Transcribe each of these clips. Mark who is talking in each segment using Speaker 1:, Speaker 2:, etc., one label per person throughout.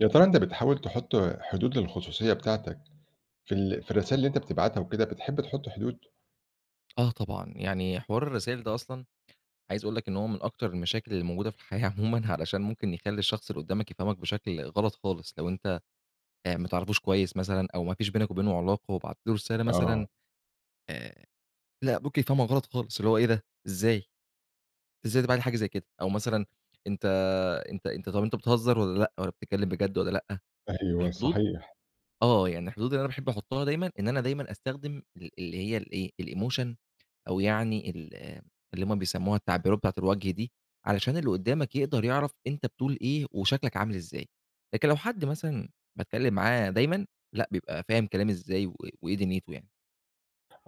Speaker 1: يا ترى أنتَ بتحاول تحُطّ حدود للخصوصية بتاعتك في ال في الرسايِل اللي أنتَ بتبعَتها وكده، بتحب تحُطّ حدود؟
Speaker 2: آه طبعًا، يعني حوار الرسايِل ده أصلًا، عايِز أقول لك إن هو من أكتر المشاكل اللي موجودة في الحياة عمومًا، علشان ممكن يخلِّي الشخص اللي قدَّامك يفهَمَك بشكل غلط خالص، لو أنتَ آآ، ما تعرفوش كويِّس مثلًا، أو ما فيش بينك وبينه علاقة وبعَتّ له رسالة مثلًا.
Speaker 1: آه.
Speaker 2: آآ لأ، ممكن يفهَمَك غلط خالص، اللي هو إيه ده؟ إزاي؟! إزاي ده بعَتّ لي حاجة زي كده؟! أو مثلًا أنتَ أنتَ أنتَ طَب أنتَ بتهزَر والّا لأ، والّا بتتكلَّم بجد والّا لأ؟
Speaker 1: أيوه،
Speaker 2: الحدود
Speaker 1: صحيح.
Speaker 2: آه يعني، الحدود اللي أنا باحب أحُطَّها دايمًا، إن أنا دايمًا أستخدم ال اللي هي الإيه الemotion أو يعني ال اللي هُم بيسمُّوها التعبيرات بتاعة الوجه دي، علشان اللي قُدَّامك يقدَر يعرَف أنتَ بتقول إيه وشكلَك عامِل إزاي. لكن لو حد مثلًا باتكلَّم معاه دايمًا، لأ بيبقى فاهم كلامي إزاي و وإيه دُنيِته يعني.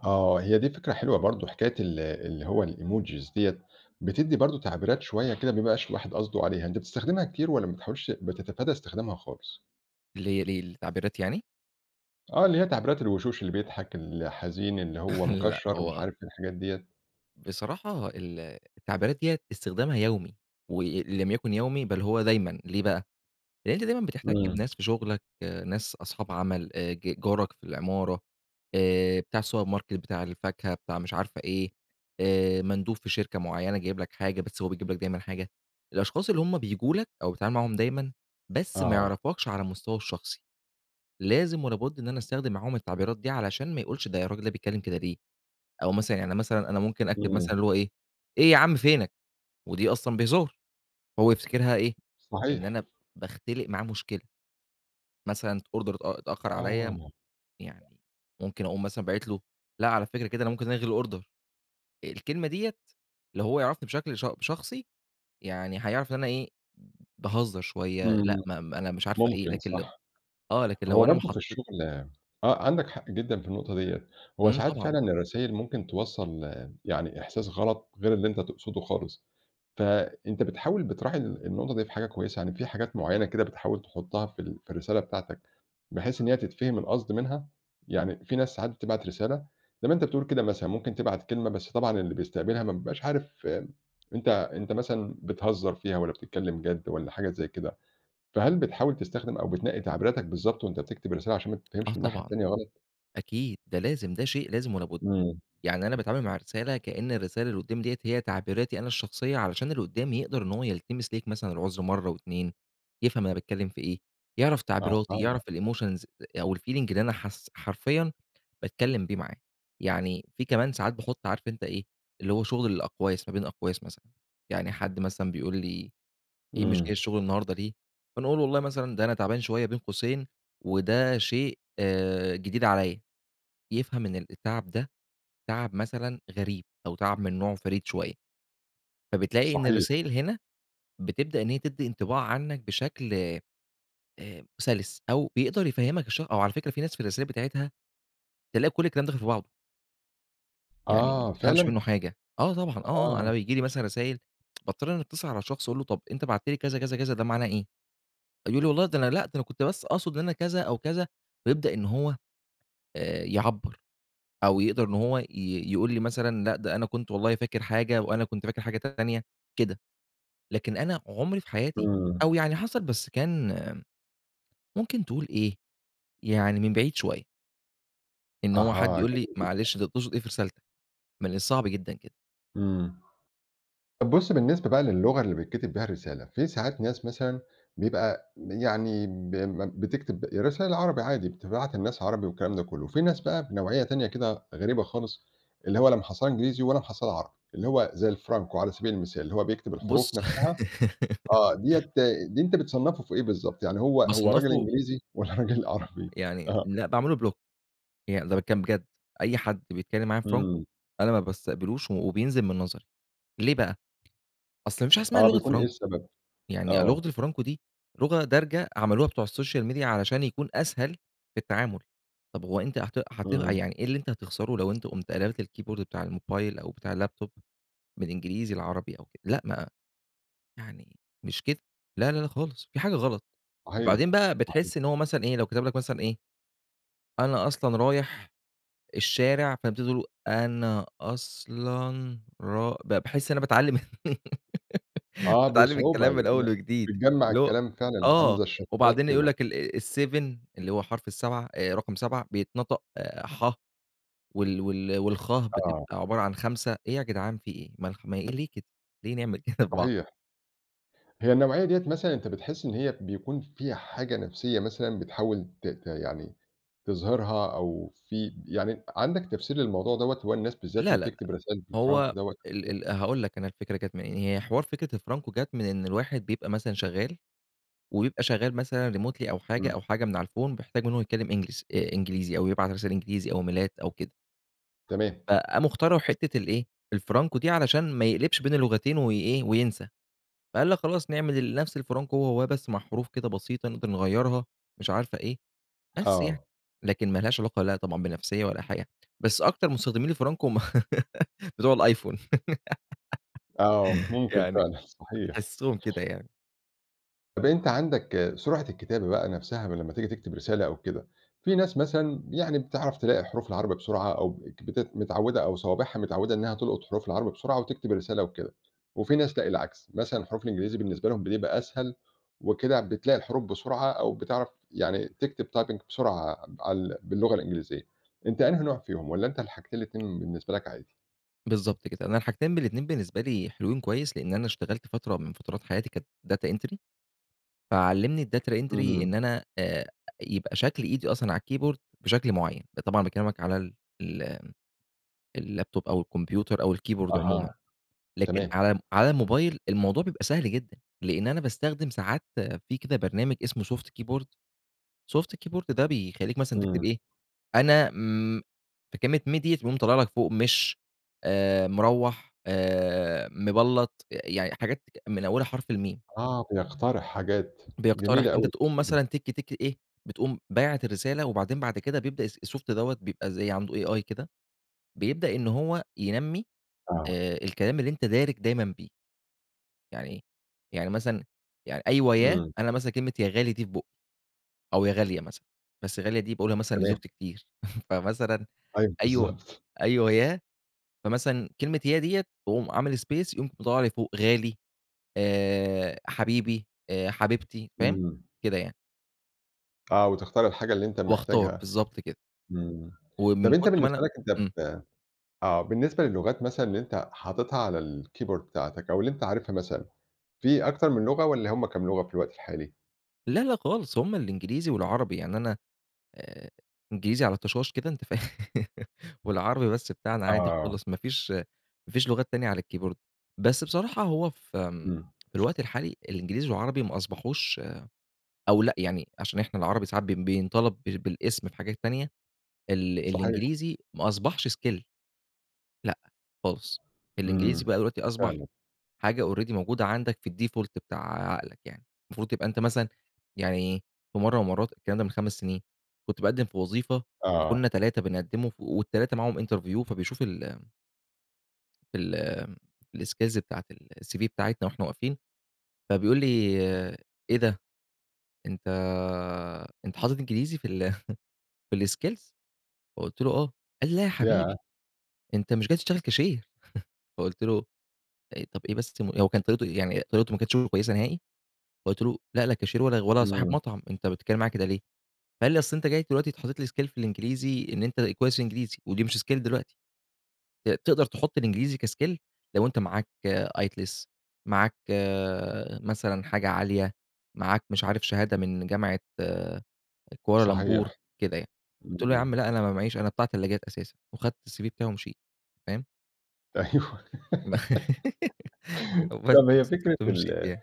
Speaker 1: آه، هي دي فكرة حلوة برضه، حكاية ال اللي هو الemojis ديَّة، بتدِّي برضه تعبيرات شوية كده، ما بيبقاش الواحد قصده عليها. أنتَ بتستخدمها كتير، والّا ما بتحاولش بتتفادى استخدامها خالص؟
Speaker 2: اللي هي للتعبيرات يعني؟
Speaker 1: آه اللي هي تعبيرات الوشوش اللي بيضحك الحزين اللي هو
Speaker 2: لأ
Speaker 1: مكشّر، ومش
Speaker 2: هو
Speaker 1: عارف الحاجات ديّة.
Speaker 2: بصراحة ال التعبيرات ديّة استخدامها يَومي، وإن لم يكن يَومي بل هو دايمًا، ليه بقى لأن أنت دايمًا بتحتكّ
Speaker 1: إمم.
Speaker 2: بناس في شغلك ناس أصحاب عمل آآ ج جارك في العمارة آآ بتاع السوبر ماركت بتاع الفاكهة بتاع مش عارفة إيه آآ مندوب في شركة معيّنة جايب لك حاجة بس هو بيجيب لك دايمًا حاجة، الأشخاص اللي هُم بييجو لك أو بتتعامل معاهم دايمًا بس ما
Speaker 1: آه.
Speaker 2: يعرفكش على المستوى الشخصي. لازم ولا بُد إن أنا أستخدم معاهم التعبيرات دي علشان ما يقولش ده الراجل ده بيتكلم كده ليه، أو مثلًا يعني مثلًا أنا ممكن أكتب
Speaker 1: إمم.
Speaker 2: مثلًا اللي هو إيه إيه عم فينك؟ ودي أصلًا بهزار، هو يفتكرها إيه إن
Speaker 1: صحيح.
Speaker 2: أنا باختلق معاه مشكلة. مثلًا أوردر اتأ اتأخر عليّا
Speaker 1: آه.
Speaker 2: يعني ممكن أقوم مثلًا باعت له لأ على فكرة كده أنا ممكن ألغي الأوردر، آآ الكلمة ديّة لو هو يعرَفني بشكل ش شخصي يعني هيعرف إن أنا إيه باهزر شوية لأ
Speaker 1: إمم
Speaker 2: ما أنا مش عارف إيه
Speaker 1: ممكن
Speaker 2: لكن ل
Speaker 1: صح،
Speaker 2: آه لكن لو
Speaker 1: هو
Speaker 2: أنا ما
Speaker 1: برضه في
Speaker 2: حاطيت
Speaker 1: الشغل آه عندك حق جدًا في النقطة ديّة، هو
Speaker 2: إمم
Speaker 1: ساعات
Speaker 2: طبعًا.
Speaker 1: فعلًا الرسايل ممكن توصّل يعني إحساس غلط غير اللي أنت تقصده خالص. ف أنت بتحاول بتراعي ال النقطة دي في حاجة كويسة، يعني في حاجات معيّنة كده بتحاول تحطها في ال في الرسالة بتاعتك بحيث إن هي تتفهم القصد منها يعني في ناس ساعات بتبعت رسالة زي ما أنت بتقول كده مثلًا ممكن تبعت كلمة بس طبعًا اللي بيستقبلها ما بيبقاش عارف أنت أنت مثلًا بتهزر فيها والّا بتتكلم جد والّا حاجة زي كده، فهل بتحاول تستخدم أو بتنقِّي تعبيراتك بالضبط وأنت بتكتب الرسالة عشان ما
Speaker 2: آه
Speaker 1: تتفهمش من الناحية
Speaker 2: طبعًا.
Speaker 1: التانية غلط؟
Speaker 2: أكيد ده لازم ده شيء لازم ولا بُد
Speaker 1: إمم.
Speaker 2: يعني أنا باتعامل مع الرسالة كأن الرسالة اللي قدَّامي ديّة هي تعبيراتي أنا الشخصية علشان اللي قدّامي يقدر إن هو يلتمس ليك مثلًا العذر مرة و2، يفهم أنا باتكلم في إيه يعرف تعبيراتي
Speaker 1: أها.
Speaker 2: يعرف الemotions أو الfeeling اللي أنا حاس حرفيًا باتكلم بيه معاه، يعني في كمان ساعات باحط عارف أنت إيه اللي هو شغل الأقواس ما بين أقواس مثلًا، يعني حد مثلًا بيقول لي ايه مش جاي
Speaker 1: إمم.
Speaker 2: الشغل النهاردة ليه فانا أقول له والله مثلًا ده أنا تعبان شوية بين قوسين وده شيء جديد عليّا، يفهم إن ال التعب ده تعب مثلًا غريب أو تعب من نوعه فريد شوية. فبتلاقي إن
Speaker 1: صحيح.
Speaker 2: الرسايل هنا بتبدأ إن هي تدّي انطباع عنك بشكل آآ سلس أو بيقدر يفهمك الشخ أو على فكرة في ناس في الرسايل بتاعتها تلاقي كل الكلام داخل في بعضه. يعني ما
Speaker 1: آه
Speaker 2: تفهَمش
Speaker 1: فعلًا؟
Speaker 2: منُّه حاجة. آه طبعًا، آه، آه، أنا
Speaker 1: آه.
Speaker 2: بيجيلي مثلًا رسايل باضطر إني اتِّصل على الشخص أقول له: "طَب أنت بعتت لي كذا، كذا، كذا، ده معناه إيه؟" يقول لي: "والله ده أنا لأ أنا كنت بس أقصُد إن أنا كذا أو كذا." ويبدأ إن هو آآ، يعبّر أو يقدَر إن هو ي يقول لي مثلًا، لأ ده أنا كنت والله فاكر حاجة وأنا كنت فاكر حاجة تانية، كده، لكن أنا عمري في حياتي
Speaker 1: امم.
Speaker 2: أو يعني حصَلِت بس كان ممكن تقول إيه، يعني من بعيد شويّة. إن هو حد
Speaker 1: أها
Speaker 2: يقول لي
Speaker 1: جميلة جدًا.
Speaker 2: معلش أنت تقصُد إيه في رسالتك؟ من الصعب جدًا كده.
Speaker 1: امم طَب بُصّ، بالنسبة بقى للغة اللي بيتكتِب بها الرسالة، في ساعات ناس مثلًا بيبقى يعني ب م بتكتب رساليل عربي عادي بتبعت للناس عربي والكلام ده كلّه وفي ناس بقى بنوعيّة تانية كده غريبة خالص اللي هو لا مَحصّلة إنجليزي والّا مَحصّلة عربي، اللي هو زي الفرانكو على سبيل المثال، اللي هو بيكتب
Speaker 2: بُصّ
Speaker 1: الحروف نفسها، آه، دِيّة دي أنت بتصنّفه في إيه بالضبط؟ يعني هو هو رجل
Speaker 2: بصنّفه
Speaker 1: إنجليزي؟ والّا رجل
Speaker 2: امم.
Speaker 1: عربي؟
Speaker 2: يعني
Speaker 1: آه.
Speaker 2: لا باعمل له block يعني ده باتكلّم بجد، أي حد بيتكلّم معايا فرانكو
Speaker 1: امم.
Speaker 2: أنا ما بستقبلوش و وبينزِل من نظري، ليه بقى، أصل ما فيش حاجة إسمها
Speaker 1: آه،
Speaker 2: لغة
Speaker 1: بيكون إيه
Speaker 2: فرانكو،
Speaker 1: السبب؟
Speaker 2: يعني أ
Speaker 1: آه.
Speaker 2: لغة الفرانكو دي لغة دارجة عملوها بتوع السوشيال ميديا علشان يكون أسهل في التعامل. طَب هو أنت هت هت
Speaker 1: امم.
Speaker 2: يعني إيه اللي أنت هتخسَره لو أنت قُمت قلَبت الكيبورد بتاع الموبايل أو بتاع اللاب توب من إنجليزي لعربي أو كده؟ لأ ما يعني مش كده. لا، لا، لا، خالص في حاجة غلط،
Speaker 1: صحيح،
Speaker 2: وبعدين بقى
Speaker 1: صحيح.
Speaker 2: بتحس إن هو مثلًا إيه، لو كتب لك مثلًا إيه، "أنا أصلًا رايح الشارع." فأنت تبتدي تقول، أنا أصلًا را ب باحس أنا باتعلّم
Speaker 1: آه،
Speaker 2: باتعلّم
Speaker 1: بصعوبة
Speaker 2: الكلام من أول
Speaker 1: ب
Speaker 2: وجديد.
Speaker 1: بتجمّع
Speaker 2: اللي هو
Speaker 1: الكلام فعلًا. عامل
Speaker 2: آه،
Speaker 1: زي الشَّفرات
Speaker 2: وبعدين يقول
Speaker 1: كده.
Speaker 2: لك ال 7 اللي هو حرف ال7 آآ، رقَم 7 بيتنطق ح وال وال والخ
Speaker 1: آه.
Speaker 2: بتبقى عبارة عن 5 إيه يا جدعان في إيه؟! ما الخ ما إيه، ليه كده، ليه نعمل كده في بعض؟
Speaker 1: صحيح. هي النوعية دِيَّة مثلًا أنت بتحس إن هي بيكون فيها حاجة نفسيّة مثلًا بتحاول ت ت يعني تظهِرها أو في يعني، عندك تفسير للموضوع دَوَّة، هو الناس بالذات
Speaker 2: لا،
Speaker 1: اللي
Speaker 2: لا، لأ،
Speaker 1: تكتب رسايل
Speaker 2: هو
Speaker 1: بالفرانكو دَوَّة وكده؟
Speaker 2: ال ال هاقول لك أنا الفكرة جات منين. هي حوار فكرة الفرانكو جات من إن الواحد بيبقى مثلًا شغّال ويبقى شغّال مثلًا remotely أو حاجة،
Speaker 1: امم.
Speaker 2: أو حاجة من على الPhone بيحتاج إنّه يتكلّم English آآ، إنجليزي أو يبعت إنجليزي أو إيميلات أو كده.
Speaker 1: تمام.
Speaker 2: فقاموا اخترعوا حتّة الإيه الفرانكو دي علشان ما يقلبش بين اللغتين وإيه، وينسى. فقال لك خلاص نعمل نفس الفرانكو هو هواه بس مع حروف كده بسيطة نقدر نغيرها مش عارف إيه، بس يعني
Speaker 1: آه.
Speaker 2: لكن ما لهاش علاقة لأ طبعًا بنفسيّة ولا حاجة. بس أكتر مستخدمين الفرانكو هُم بتوع الأيفون.
Speaker 1: آه، ممكن
Speaker 2: يعني
Speaker 1: فعلًا صحيح.
Speaker 2: تحسّهم كده يعني.
Speaker 1: طَب، أنتَ عندك سرعة الكتابة بقى نفسها لمّا تيجي تكتب رسالة أو كده، في ناس مثلًا يعني بتعرف تلاقي حروف العربي بسرعة، أو بتت متعودة، أو صوابعها متعودة إنها تلقط حروف العربي بسرعة وتكتب الرسالة وكده. وفي ناس لأ العكس، مثلًا الحروف الإنجليزي بالنسبة لهُم بتبقى أسهل، وكده بتلاقي الحروف بسرعة، أو بتعرف يعني تكتب typing بسرعة عال باللغة الإنجليزية. أنتَ أنهي نوع فيهم، والّا أنتَ اللي حاجتين الاتنين بالنسبة لك عادي؟
Speaker 2: بالضبط كده، أنا الحاجتين بالإتنين بالنسبة لي حلوين، كويِس لأني أنا اشتغَلت فترة من فترات حياتي كانت data entry. فعلَّمني الdata entry
Speaker 1: إمم.
Speaker 2: إن أنا آآ، يبقى شكل إيدي أصلًا على الkeyboard بشكل معيَّن. ده طبعًا باكلِّمك على ال الlaptop أو الكمبيوتر أو الkeyboard عمومًا،
Speaker 1: أها،
Speaker 2: لكن
Speaker 1: تمام.
Speaker 2: على على الموبايل الموضوع بيبقى سهل جدًا لإن أنا باستخدِم ساعات في كده برنامج اسمه Soft Keyboard. Soft Keyboard ده بيخلِّيك مثلًا تكتب
Speaker 1: إمم.
Speaker 2: إيه، أنا امم في كلمة، ميم ديَّة بتقوم طالِعة لك فوق مش آآ، مروّح آآ، مبلَّط يعني، حاجات من أولها حرف الميم.
Speaker 1: آه، بيقتَرح حاجات.
Speaker 2: بيقترح،
Speaker 1: جميل
Speaker 2: فأنتَ
Speaker 1: أوي الSoft
Speaker 2: تقوم
Speaker 1: ده.
Speaker 2: مثلًا إيه، بتقوم بعَتّ الرسالة، وبعدين بعد كده بيبدأ الSoft دوّة بيبقى زي عنده AI كده، بيبدأ إن هو ينمِّي
Speaker 1: آه.
Speaker 2: آآ، الكلام اللي أنتَ دارِج دايمًا بيه. يعني يعني مثلًا، يعني أيوه، يا
Speaker 1: إمم.
Speaker 2: أنا مثلًا كلمة "يا غالي" دي في بُقِّي، أو "يا غالية" مثلًا، بس غالية دي باقولها مثلًا
Speaker 1: تمام.
Speaker 2: لزوجتي كتير. فمثلًا
Speaker 1: أيوه،
Speaker 2: أيوه
Speaker 1: بالضبط.
Speaker 2: أيوه يا، فمثلًا كلمة "يا" ديَّة باقوم عامل space، يقوم مطلِّع لي فوق "غالي" آآ، "حبيبي" آآ "حبيبتي"، فاهِم؟
Speaker 1: إمم.
Speaker 2: كده يعني.
Speaker 1: آه، وتختار الحاجة اللي أنتَ
Speaker 2: وأختار
Speaker 1: محتاجها
Speaker 2: بالضبط كده،
Speaker 1: إمم، طب
Speaker 2: ومن
Speaker 1: أنتَ
Speaker 2: كتر ما أنا
Speaker 1: بالنسبة لكَ أنتَ
Speaker 2: إمم.
Speaker 1: ب آه بالنسبة للغات مثلًا اللي أنتَ حاطتها على الكيبورد بتاعتك، أو اللي أنتَ عارفها مثلًا، في أكتر من لغة والّا همّ كام لغة في الوقت الحالي؟
Speaker 2: لا، لا خالص هم الإنجليزي والعربي، يعني أنا آآ إنجليزي على طشاش كده أنتَ فاهم، والعربي بس بتاعنا عادي
Speaker 1: آه.
Speaker 2: خالص ما فيش ما فيش لغات تانية على الكيبورد، بس بصراحة هو في
Speaker 1: إمم
Speaker 2: الوقت الحالي، الإنجليزي والعربي ما أصبحوش آآ، أو لأ يعني عشان إحنا العربي ساعات ب بينطلب بالأسم في حاجات تانية، ال
Speaker 1: صحيح.
Speaker 2: الإنجليزي ما أصبحش skill، لأ خالص، الإنجليزي
Speaker 1: إمم،
Speaker 2: بقى دلوقتي أصبح
Speaker 1: فعلًا.
Speaker 2: حاجة already موجودة عندك في الdefault بتاع عقلك يعني، المفروض تبقى أنتَ مثلًا، يعني إيه في مرة من المرات الكلام ده من 5 سنين كنت باقدم في وظيفة
Speaker 1: آه.
Speaker 2: فكنا 3 بنقدموا، وال3 معاهم interview فبيشوف ال في ال الSkills بتاعة الCV بتاعتنا وإحنا واقفين فبيقول لي: "إيه ده! أنتَ أنتَ حاطط إنجليزي في ال في الSkills" فقلت له: "آه" قال لي: "لا ياحبيبي
Speaker 1: ياه!
Speaker 2: أنتَ مش جاي تشتغل كاشير" فقلت له طب ايه بس؟ هو كان طريقته يعني طريقته ما كانتش كويسة نهائي، فقلت له: "لأ لا كاشير ولا صاحب
Speaker 1: إمم.
Speaker 2: مطعم، أنتَ بتتكلم معايا كده ليه؟" فقال لي: "أصل أنتَ جاي دلوقتي حاطط لي Skill في الإنجليزي إن أنتَ كويس في الإنجليزي ودي مش Skill دلوقتي، ت تقدر تحط الإنجليزي كskill لو أنتَ معاك IELTS، معاك آآ مثلًا حاجة عالية، معاك مش عارف شهادة من جامعة آآ كوالالمبور
Speaker 1: صحيح،
Speaker 2: كده يعني" قلت له: "يا
Speaker 1: إمم.
Speaker 2: عم لأ أنا ما معيش أنا بتاع تلاجات أساسًا" وأخدت الCV بتاعي ومشيت، فاهم؟
Speaker 1: أيوه
Speaker 2: بس
Speaker 1: طب هي فكرة ال
Speaker 2: [unintelligible]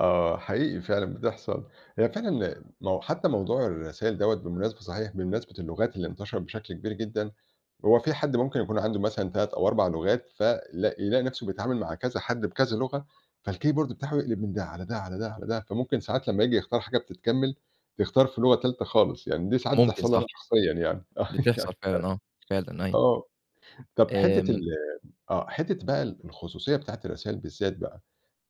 Speaker 1: آه حقيقي فعلًا بتحصل، هي فعلًا حتى موضوع الرسايل دوّة بمناسبة صحيح بمناسبة اللغات اللي انتشرت بشكل كبير جدًا، هو في حد ممكن يكون عنده مثلًا 3 أو 4 لغات ف لاق يلاقي نفسه بيتعامل مع كذا حد بكذا لغة، فالكيبورد بتاعه يقلب من ده، على ده، على ده، على ده، فممكن ساعات لما ييجي يختار حاجة بتتكمل تختار في لغة تالتة خالص يعني دي ساعات
Speaker 2: ممكن
Speaker 1: بتحصل لي أنا
Speaker 2: صح.
Speaker 1: شخصيًا يعني.
Speaker 2: بتحصل فعلًا آه، فعلًا أيوه.
Speaker 1: آه طب حتة ال
Speaker 2: آمم.
Speaker 1: آه حتة بقى الخصوصية بتاعة الرسايل بالذات بقى،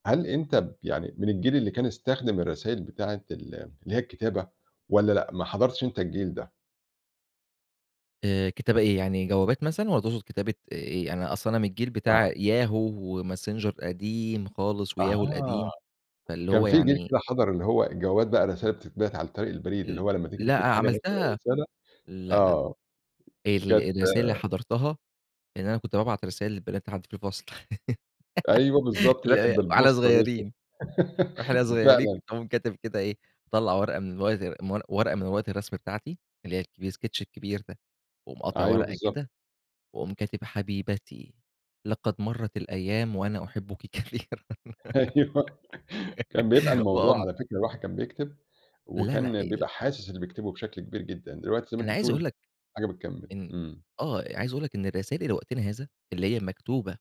Speaker 1: هل أنت يعني من الجيل اللي كان يستخدم الرسايل بتاعة ال اللي هي الكتابة والّا لأ ما حضرتش أنت الجيل ده؟
Speaker 2: آآ كتابة إيه يعني جوابات مثلًا والَّا تقصد كتابة إيه؟ أنا أصل أنا من الجيل
Speaker 1: آه.
Speaker 2: بتاع Yahoo وماسنجر قديم خالص وYahoo
Speaker 1: أها
Speaker 2: القديم فاللي
Speaker 1: كان
Speaker 2: هو
Speaker 1: في جيل
Speaker 2: يعني
Speaker 1: كده حضر اللي هو الجوابات بقى الرسايل اللي بتتبعت عن طريق البريد،
Speaker 2: ال
Speaker 1: اللي هو لما تيجي
Speaker 2: لا
Speaker 1: تكتب حاجة مثلًا أو
Speaker 2: عملتها
Speaker 1: رسالة
Speaker 2: لا لا
Speaker 1: آه
Speaker 2: ال
Speaker 1: كانت
Speaker 2: الرسايل اللي حضرتها إن أنا كنت بابعت رسايل للبنات اللي عندي في الفصل
Speaker 1: أيوه بالضبط اللي هي
Speaker 2: اللي
Speaker 1: كانت
Speaker 2: هي وإحنا
Speaker 1: بالبوسطة دي
Speaker 2: صغيرين وإحنا صغيرين
Speaker 1: فعلًا.
Speaker 2: اقوم كاتب كده إيه، مطلع ورقة من ورقة من ورقة الرسم بتاعتي اللي هي الكب الsketch الكبير ده، واقوم قاطع
Speaker 1: أيوه
Speaker 2: ورقة
Speaker 1: بالضبط.
Speaker 2: كده واقوم كاتب حبيبتي لقد مرت الأيام وأنا أحبك كثيرًا
Speaker 1: أيوه كان بيبقى الموضوع
Speaker 2: وأقوم
Speaker 1: على فكرة الواحد كان بيكتب
Speaker 2: لا لا
Speaker 1: وكان
Speaker 2: ال
Speaker 1: بيبقى حاسس اللي بيكتبه بشكل كبير جدًا، دلوقتي زي ما
Speaker 2: أنا
Speaker 1: أنت
Speaker 2: عايز أقول
Speaker 1: بتقول
Speaker 2: لك،
Speaker 1: حاجة بتكمل.
Speaker 2: إن
Speaker 1: إمم.
Speaker 2: آه عايز أقول لك إن الرسايل لوقتنا هذا اللي هي مكتوبة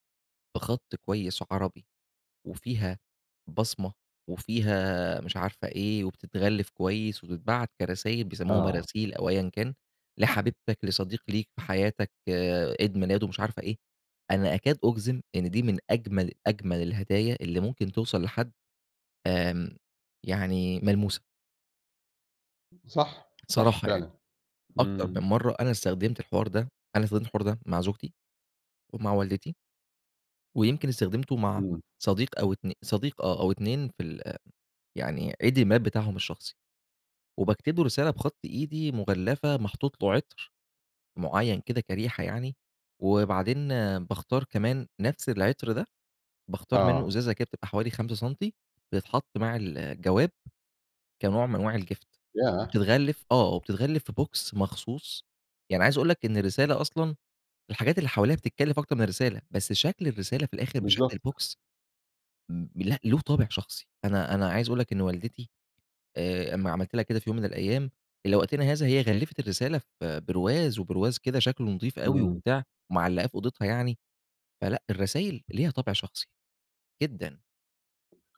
Speaker 2: بخط كويس عربي وفيها بصمة وفيها مش عارف إيه وبتتغلف كويس وبتتبعت كرسايل بيسموها
Speaker 1: آه.
Speaker 2: مراسيل، أو أيًا كان، لحبيبتك، لصديق ليك في حياتك عيد ميلاده مش عارف ايه، أنا أكاد أجزم إن دي من أجمل أجمل الهدايا اللي ممكن توصل لحد آمم يعني ملموسة.
Speaker 1: صح. صح
Speaker 2: الصراحة يعني،
Speaker 1: فعلًا،
Speaker 2: أكتر من
Speaker 1: امم.
Speaker 2: مرة أنا استخدمت الحوار ده، أنا استخدمت الحوار ده مع زوجتي ومع والدتي. ويمكن استخدمته مع
Speaker 1: إمم.
Speaker 2: صديق أو اتن صديق آه، أو اتنين في ال يعني عيد الميلاد بتاعهم الشخصي، وباكتبله رسالة بخط إيدي، مغلفة، محطوط له عطر، معيّن كده كريحة يعني، وبعدين باختار كمان نفس العطر ده، باختار منه
Speaker 1: آه.
Speaker 2: إزازة كده بتبقى حوالي 5 سنتي بتتحط مع الجواب، كنوع من أنواع الgift
Speaker 1: ياه!
Speaker 2: وبتتغلف آه، وبتتغلف في box مخصوص. يعني عايز أقول لَك إن الرسالة أصلًا، الحاجات اللي حواليها بتتكلف أكتر من الرسالة، بس شكل الرسالة في الآخر بشكل
Speaker 1: بالضبط.
Speaker 2: البوكس م لأ، له طابع شخصي. أنا أنا عايز أقول لَك إن والدتي آآ، أما عملت لها كده في يوم من الأيام إلى وقتنا هذا هي غلفت الرسالة في برواز، وبرواز كده شكله نضيف أوي
Speaker 1: إمم.
Speaker 2: وبتاع ومعلقاه في أوضتها يعني، فلأ، الرسايل ليها طابع شخصي. جدًا.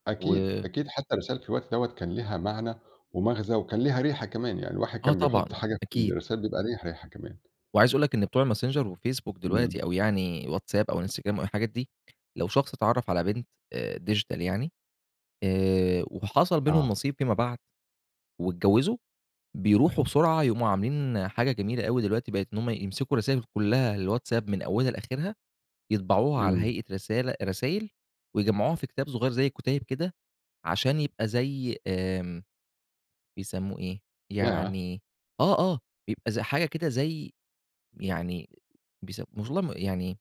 Speaker 1: أكيد،
Speaker 2: و
Speaker 1: أكيد حتى الرسايل في الوقت دوّة كان لها معنى ومغزى، وكان ليها ريحة كمان. يعني الواحد
Speaker 2: آه
Speaker 1: كان
Speaker 2: طبعًا.
Speaker 1: بيحط حاجة في
Speaker 2: أكيد.
Speaker 1: الرسايل بيبقى له ريحة كمان.
Speaker 2: وعايز أقول لَك إن بتوع الماسنجر وفيسبوك
Speaker 1: امم.
Speaker 2: دلوقتي أو يعني واتساب أو الإنستغرام أو الحاجات دي، لو شخص اتعرف على بنت آآ، digital يعني آآ، وحصل بينهم
Speaker 1: آه.
Speaker 2: نصيب فيما بعد، واتجوزوا، بيروحوا بسرعة يقوموا عاملين حاجة جميلة أوي دلوقتي بقت إن هم يمسكوا الرسايل كلها الواتساب من أولها لآخرها، يطبعوها على
Speaker 1: امم.
Speaker 2: هيئة رسالة رسايل ويجمعوها في كتاب صغير زي كتيب كده، عشان يبقى زي آآ، بيسموه إيه؟
Speaker 1: ياه!
Speaker 2: يعني آه آه، بيبقى ز حاجة كده زي يعني بيس والله ما يعني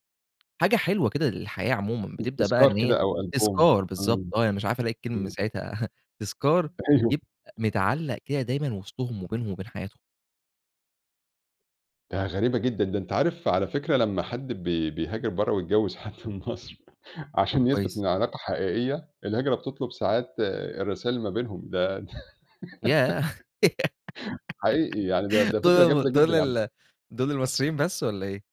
Speaker 2: حاجة حلوة كده للحياة عمومًا.
Speaker 1: [unintelligible]
Speaker 2: بتبدأ بقى
Speaker 1: تذكار
Speaker 2: إن هي
Speaker 1: كده او ألبوم
Speaker 2: تذكار بالضبط
Speaker 1: امم.
Speaker 2: آه، مش عارف ألاقي الكلمة من
Speaker 1: امم.
Speaker 2: ساعتها تذكار
Speaker 1: أيوه.
Speaker 2: يبقى متعلق كده دايمًا وسطهم وبينهم وبين حياتهم.
Speaker 1: ده غريبة جدًا، ده أنت عارف على فكرة لمّا حد بي بيهاجر برّا ويتجوز حد من مصر عشان يثبت إن
Speaker 2: كويس.
Speaker 1: العلاقة حقيقيّة، الهجرة بتطلب ساعات آآ الرساايل اللي ما بينهم ده
Speaker 2: ياه!
Speaker 1: حقيقي يعني ده ده فكرة جامدة
Speaker 2: دول
Speaker 1: جدًا
Speaker 2: دول
Speaker 1: عن
Speaker 2: ال دول المصريين بس والّا إيه؟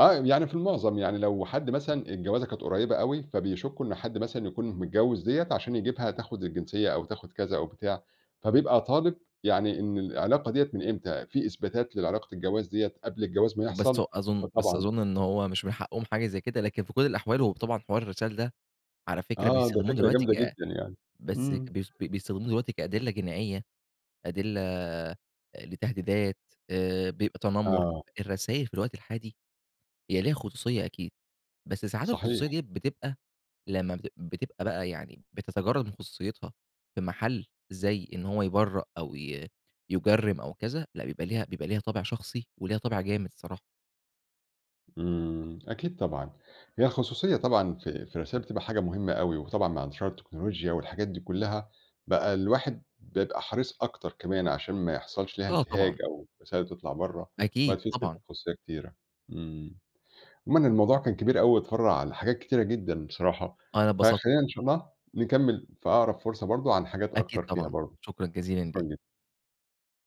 Speaker 1: آه يعني في المعظم يعني لو حد مثلًا الجوازة كانت قريبة أوي، فبيشكوا إن حد مثلًا يكون متجوز دِيَّة عشان يجيبها تاخد الجنسية أو تاخد كذا أو بتاع، فبيبقى طالب يعني إن العلاقة دِيَّة من إمتى، في إثباتات لعلاقة الجواز دِيَّة قبل الجواز ما
Speaker 2: بس
Speaker 1: يحصل،
Speaker 2: هو أظن بس
Speaker 1: فطبعًا
Speaker 2: أظن إن هو مش من حقهم حاجة زي كده، لكن في كل الأحوال هو طبعًا حوار الرسايل ده على فكرة
Speaker 1: آه ده
Speaker 2: بيستخدموه
Speaker 1: فكرة
Speaker 2: دلوقتي
Speaker 1: جامدة
Speaker 2: ك
Speaker 1: جدًا يعني.
Speaker 2: بس
Speaker 1: امم.
Speaker 2: بي بيستخدموه دلوقتي كأدلة جنائية، أدلة لتهديدات، آآ بيبقى تنمّر.
Speaker 1: آه.
Speaker 2: الرسايل في الوقت الحالي هي ليها خصوصيّة أكيد. بس ساعات الخصوصيّة
Speaker 1: صحيح.
Speaker 2: دي بتبقى لمّا بتبق بتبقى بقى يعني بتتجرد من خصوصيتها في محل زي إن هو يبرأ أو ي يجرّم أو كذا لأ، بيبقى ليها بيبقى ليها طابع شخصي وليها طابع جامد الصراحة.
Speaker 1: امم. أكيد طبعًا هي الخصوصيّة طبعًا في في الرسايل تبقى حاجة مهمّة أوي، وطبعًا مع انتشار التكنولوجيا والحاجات دي كلّها، بقى الواحد بيبقى حريص أكتر كمان عشان ما يحصلش لها
Speaker 2: آه طبعًا.
Speaker 1: انتهاك أو الرسايل تطلع برّا.
Speaker 2: أكيد. طبعًا.
Speaker 1: [unintelligible] خصوصيّة كتيرة امم. عمومًا الموضوع كان كبير أوي واتفرّع لحاجات كتيرة جدًا بصراحة،
Speaker 2: أنا أتبسطت.
Speaker 1: فخلينا إن شاء الله نكمل في أقرب فرصة برضو عن حاجات
Speaker 2: أكيد
Speaker 1: أكتر فيها
Speaker 2: طبعًا.
Speaker 1: برضو.
Speaker 2: شكرًا جزيلًا
Speaker 1: شكرًا
Speaker 2: لك.
Speaker 1: جدًا.